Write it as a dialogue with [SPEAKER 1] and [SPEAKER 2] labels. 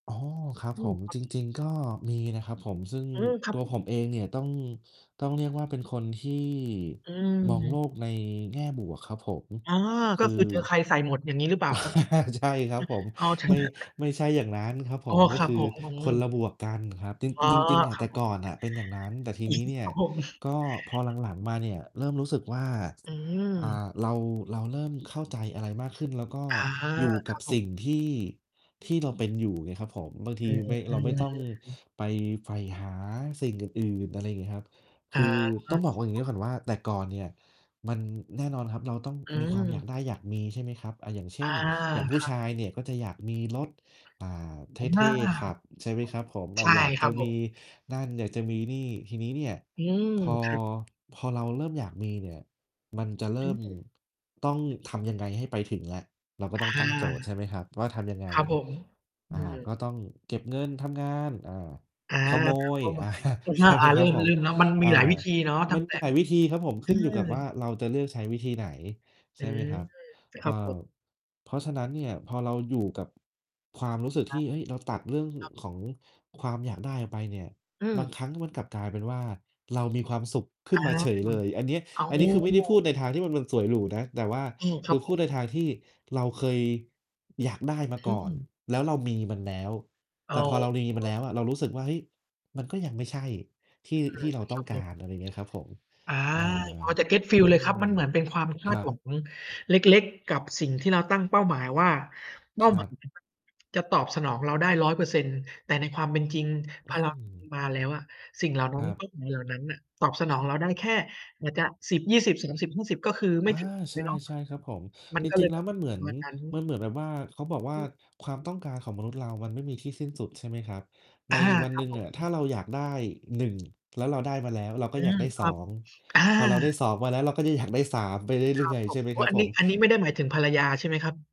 [SPEAKER 1] อ๋อ ครับ
[SPEAKER 2] อื
[SPEAKER 1] ผ
[SPEAKER 2] ม
[SPEAKER 1] ม จริง ๆ ก็มีนะครับผม ซึ่ง
[SPEAKER 2] อืม ครั
[SPEAKER 1] ต
[SPEAKER 2] บ
[SPEAKER 1] ัว
[SPEAKER 2] ผ
[SPEAKER 1] ผ
[SPEAKER 2] ม
[SPEAKER 1] มเองเนี่ยต้อง ต้องเรียกว่าเป็นคนที่
[SPEAKER 2] อ
[SPEAKER 1] มอง
[SPEAKER 2] ืม
[SPEAKER 1] โลกในแง่บวกครับผม
[SPEAKER 2] อ๋อ
[SPEAKER 1] ค
[SPEAKER 2] ก็
[SPEAKER 1] ือ
[SPEAKER 2] คือเจอใครใส่หมด อย่างงี้หรือเปล่าครับ?
[SPEAKER 1] ใช่ครับผม
[SPEAKER 2] อือ เอา เถอ
[SPEAKER 1] ไม่
[SPEAKER 2] ะ
[SPEAKER 1] ไม่ใช่อย่างนั้นครับผ
[SPEAKER 2] อ้อ
[SPEAKER 1] ม ก
[SPEAKER 2] ค
[SPEAKER 1] ็
[SPEAKER 2] รั
[SPEAKER 1] ค
[SPEAKER 2] บ
[SPEAKER 1] ือ
[SPEAKER 2] ผม อ
[SPEAKER 1] ค
[SPEAKER 2] ื
[SPEAKER 1] น
[SPEAKER 2] อ
[SPEAKER 1] ละบวกกันครับ จร
[SPEAKER 2] อ๋อ
[SPEAKER 1] ิง จริง ๆ อ
[SPEAKER 2] ค
[SPEAKER 1] ะ
[SPEAKER 2] รั
[SPEAKER 1] แต
[SPEAKER 2] บ
[SPEAKER 1] ่
[SPEAKER 2] ผ
[SPEAKER 1] ก
[SPEAKER 2] ม
[SPEAKER 1] ่อนน่ะเป็นอย่างนั้น แต่ทีนี้เนี่
[SPEAKER 2] ค
[SPEAKER 1] ย
[SPEAKER 2] รับผม
[SPEAKER 1] ก็พอหลัง ๆ มาเนี่ย เริ่มรู้สึกว่า
[SPEAKER 2] อื
[SPEAKER 1] อ่
[SPEAKER 2] ม
[SPEAKER 1] า เรา เราเริ่มเข้าใจอะไรมากขึ้น แล้วก็
[SPEAKER 2] อา
[SPEAKER 1] อยู่
[SPEAKER 2] ค
[SPEAKER 1] ก
[SPEAKER 2] ร
[SPEAKER 1] ั
[SPEAKER 2] ั
[SPEAKER 1] บ
[SPEAKER 2] บผ
[SPEAKER 1] ส
[SPEAKER 2] ม
[SPEAKER 1] ิ่งที่ ที่เราเป็นอยู่ไงครับผม บางท
[SPEAKER 2] อ
[SPEAKER 1] ี
[SPEAKER 2] ื
[SPEAKER 1] ไม่ เราไม่ต้อง
[SPEAKER 2] ม
[SPEAKER 1] ไปใฝ่หาสิ่งอื่น ๆ อะไรเงี้ยครับ
[SPEAKER 2] อ
[SPEAKER 1] ค
[SPEAKER 2] า
[SPEAKER 1] ือ
[SPEAKER 2] คร
[SPEAKER 1] ต
[SPEAKER 2] ั
[SPEAKER 1] ้อ
[SPEAKER 2] บ
[SPEAKER 1] งบอกว่า อย่า
[SPEAKER 2] ผ
[SPEAKER 1] งเงี้
[SPEAKER 2] ม
[SPEAKER 1] ยก่อนว่า แต่ก่อนเนี่ย มัน แน่นอนครับเราต้อง
[SPEAKER 2] อื
[SPEAKER 1] มีความอยากไ
[SPEAKER 2] ม
[SPEAKER 1] ด้อยากมี ใช่ไหมครับ อา อย่างเช
[SPEAKER 2] อ
[SPEAKER 1] ่
[SPEAKER 2] า
[SPEAKER 1] น อย่างผ
[SPEAKER 2] ค
[SPEAKER 1] ู้
[SPEAKER 2] รั
[SPEAKER 1] ช
[SPEAKER 2] บ
[SPEAKER 1] ายเนี่ยก็จะอยากมีรถ อ่า เ
[SPEAKER 2] อ
[SPEAKER 1] ท
[SPEAKER 2] า
[SPEAKER 1] ่ ๆ ขับ ใช่ไหมครับผม อ
[SPEAKER 2] ใช
[SPEAKER 1] า
[SPEAKER 2] ่
[SPEAKER 1] อยาก
[SPEAKER 2] ค
[SPEAKER 1] จ
[SPEAKER 2] รั
[SPEAKER 1] ะ
[SPEAKER 2] บผ
[SPEAKER 1] มี
[SPEAKER 2] ม
[SPEAKER 1] นั่น อยากจะมีนี่ ทีนี้เนี่ย
[SPEAKER 2] อืม
[SPEAKER 1] พอ
[SPEAKER 2] ครับ
[SPEAKER 1] พอเราเริ่มอยากมีเนี่ย มันจะเ
[SPEAKER 2] อ
[SPEAKER 1] ริ่ม
[SPEAKER 2] ืม
[SPEAKER 1] ต้องทำยังไงให้ไปถึงอะ? เราก็
[SPEAKER 2] อา
[SPEAKER 1] ต้องตั้งโจทย์ ใช่ไหมครับ ว่าทำยังไง?
[SPEAKER 2] ครับผม อ
[SPEAKER 1] อ
[SPEAKER 2] ื
[SPEAKER 1] า
[SPEAKER 2] ม
[SPEAKER 1] ก็ต้องเก็บเงินทำงาน อา
[SPEAKER 2] อา
[SPEAKER 1] ขโม
[SPEAKER 2] ตามเ
[SPEAKER 1] ย
[SPEAKER 2] ป้าหม
[SPEAKER 1] อา
[SPEAKER 2] าย คือช
[SPEAKER 1] ใช
[SPEAKER 2] อ
[SPEAKER 1] ่
[SPEAKER 2] บ
[SPEAKER 1] ไห
[SPEAKER 2] อ
[SPEAKER 1] ม
[SPEAKER 2] ะ เ
[SPEAKER 1] ค
[SPEAKER 2] รื
[SPEAKER 1] ร
[SPEAKER 2] ่
[SPEAKER 1] ั
[SPEAKER 2] อ
[SPEAKER 1] บ
[SPEAKER 2] งข
[SPEAKER 1] ผ
[SPEAKER 2] องเ
[SPEAKER 1] ม?
[SPEAKER 2] รื่องเนาะ มันม
[SPEAKER 1] อ
[SPEAKER 2] ี
[SPEAKER 1] า
[SPEAKER 2] หลายวิธีเนาะ ตั
[SPEAKER 1] ม
[SPEAKER 2] ้
[SPEAKER 1] ั
[SPEAKER 2] ง
[SPEAKER 1] น
[SPEAKER 2] แต
[SPEAKER 1] ม
[SPEAKER 2] ่
[SPEAKER 1] ีหลายวิธีครับผม
[SPEAKER 2] อ
[SPEAKER 1] ข
[SPEAKER 2] ื
[SPEAKER 1] ึ้นอยู่กับว่า
[SPEAKER 2] ม
[SPEAKER 1] เราจะเลือกใช้วิธีไหน ใ
[SPEAKER 2] อ
[SPEAKER 1] ช
[SPEAKER 2] ื
[SPEAKER 1] ่ไหม
[SPEAKER 2] ม
[SPEAKER 1] ครับ?
[SPEAKER 2] คร
[SPEAKER 1] อ
[SPEAKER 2] ั
[SPEAKER 1] า
[SPEAKER 2] บ ผม
[SPEAKER 1] เพราะฉะนั้นเนี่ยพอเราอยู่กับความรู้สึก
[SPEAKER 2] คร
[SPEAKER 1] ท
[SPEAKER 2] ั
[SPEAKER 1] ี
[SPEAKER 2] บ
[SPEAKER 1] ่ เฮ้ย เราตัดเรื่อง
[SPEAKER 2] ครับ
[SPEAKER 1] ของความอยากได้ออกไปเนี่ย
[SPEAKER 2] อื
[SPEAKER 1] บาง
[SPEAKER 2] อ
[SPEAKER 1] ครั้งมันกลับกลายเป็นว่า เรามีความสุขขึ
[SPEAKER 2] อ
[SPEAKER 1] ้
[SPEAKER 2] า
[SPEAKER 1] นมาเฉยเลย อันเนี้ย
[SPEAKER 2] อ้อ
[SPEAKER 1] อันนี้คือไม่ได้พูดในทางที่มัน มันสวยหรูนะ แต่ว่า
[SPEAKER 2] อืม คร
[SPEAKER 1] ค
[SPEAKER 2] ั
[SPEAKER 1] ื
[SPEAKER 2] บ
[SPEAKER 1] อ
[SPEAKER 2] ผ
[SPEAKER 1] พูด
[SPEAKER 2] ม
[SPEAKER 1] ในทางที่เราเคยอยากได้มา
[SPEAKER 2] อ
[SPEAKER 1] ก่อน
[SPEAKER 2] ืม
[SPEAKER 1] แล้วเรามีมันแล้ว
[SPEAKER 2] เอ
[SPEAKER 1] แต่
[SPEAKER 2] า
[SPEAKER 1] พอเรามีมันแล้วอะเรารู้สึกว่า เฮ้ย มันก็ยังไม่ใช่ที่ ที่เราต้องการ อะไรเงี้ยครับผม
[SPEAKER 2] อา
[SPEAKER 1] อา
[SPEAKER 2] พอจะ get
[SPEAKER 1] อื
[SPEAKER 2] feel เลยค
[SPEAKER 1] ม
[SPEAKER 2] รับ มันเหมือนเป็นความค
[SPEAKER 1] ค
[SPEAKER 2] า
[SPEAKER 1] ร
[SPEAKER 2] ด
[SPEAKER 1] ั
[SPEAKER 2] หวั
[SPEAKER 1] บ
[SPEAKER 2] งเล็ก ๆ กับสิ่งที่เราตั้งเป้าหมายว่า เป้า
[SPEAKER 1] คร
[SPEAKER 2] หม
[SPEAKER 1] ั
[SPEAKER 2] าย
[SPEAKER 1] บ
[SPEAKER 2] จะตอบสนองเราได้ 100% แต่ในความเป็นจริง พ
[SPEAKER 1] อื
[SPEAKER 2] อเรา
[SPEAKER 1] อ
[SPEAKER 2] มาแล้วอะ สิ่งเหล่านั้
[SPEAKER 1] ค
[SPEAKER 2] น
[SPEAKER 1] รั
[SPEAKER 2] ก
[SPEAKER 1] บ
[SPEAKER 2] ็ เหมือน เหล่านั้นน่ะ ตอบสนองเราได้แค่ นะจ๊ะ 10,20,30,50 ก็คือไม
[SPEAKER 1] อ
[SPEAKER 2] ่
[SPEAKER 1] า
[SPEAKER 2] ถึง เ
[SPEAKER 1] ใ
[SPEAKER 2] ล
[SPEAKER 1] ช
[SPEAKER 2] ยเนาะ
[SPEAKER 1] ่ ๆ ครับผม
[SPEAKER 2] มัน
[SPEAKER 1] จ
[SPEAKER 2] ก็เ
[SPEAKER 1] ร
[SPEAKER 2] ล
[SPEAKER 1] ิง
[SPEAKER 2] ย
[SPEAKER 1] ๆ แ
[SPEAKER 2] แ
[SPEAKER 1] ล
[SPEAKER 2] บ
[SPEAKER 1] ้ว
[SPEAKER 2] บ
[SPEAKER 1] มันเหมือน มันเหมือนแบบว่า เขาบอกว่าความต้องการของมนุษย์เรามันไม่มีที่สิ้นสุด ใช่ไหมครับ
[SPEAKER 2] อ
[SPEAKER 1] ใน
[SPEAKER 2] า
[SPEAKER 1] วัน
[SPEAKER 2] คร
[SPEAKER 1] ห
[SPEAKER 2] ั
[SPEAKER 1] น
[SPEAKER 2] บ
[SPEAKER 1] ึ่ง
[SPEAKER 2] ผ
[SPEAKER 1] อะถ
[SPEAKER 2] ม
[SPEAKER 1] ้าเราอยากได้ 1 แล้วเราได้มาแล้ว เราก
[SPEAKER 2] อ
[SPEAKER 1] ็
[SPEAKER 2] ื
[SPEAKER 1] อยาก
[SPEAKER 2] ม
[SPEAKER 1] ได้
[SPEAKER 2] ค
[SPEAKER 1] ส
[SPEAKER 2] ร
[SPEAKER 1] อ
[SPEAKER 2] ับ
[SPEAKER 1] ง
[SPEAKER 2] อา
[SPEAKER 1] พอเราได้ 2 มาแล้ว เราก็จะอยากได้ 3 ไปเ
[SPEAKER 2] ค
[SPEAKER 1] ร
[SPEAKER 2] ร
[SPEAKER 1] ื่
[SPEAKER 2] ับ
[SPEAKER 1] อย
[SPEAKER 2] ผ
[SPEAKER 1] ๆ ใช
[SPEAKER 2] ม
[SPEAKER 1] ่ไหม
[SPEAKER 2] โอ้
[SPEAKER 1] ครั
[SPEAKER 2] อ
[SPEAKER 1] บ
[SPEAKER 2] ัน
[SPEAKER 1] ผ
[SPEAKER 2] นี้
[SPEAKER 1] ม
[SPEAKER 2] อันนี้ไม่ได้หมายถึงภรรยาใช่ไหมครับ?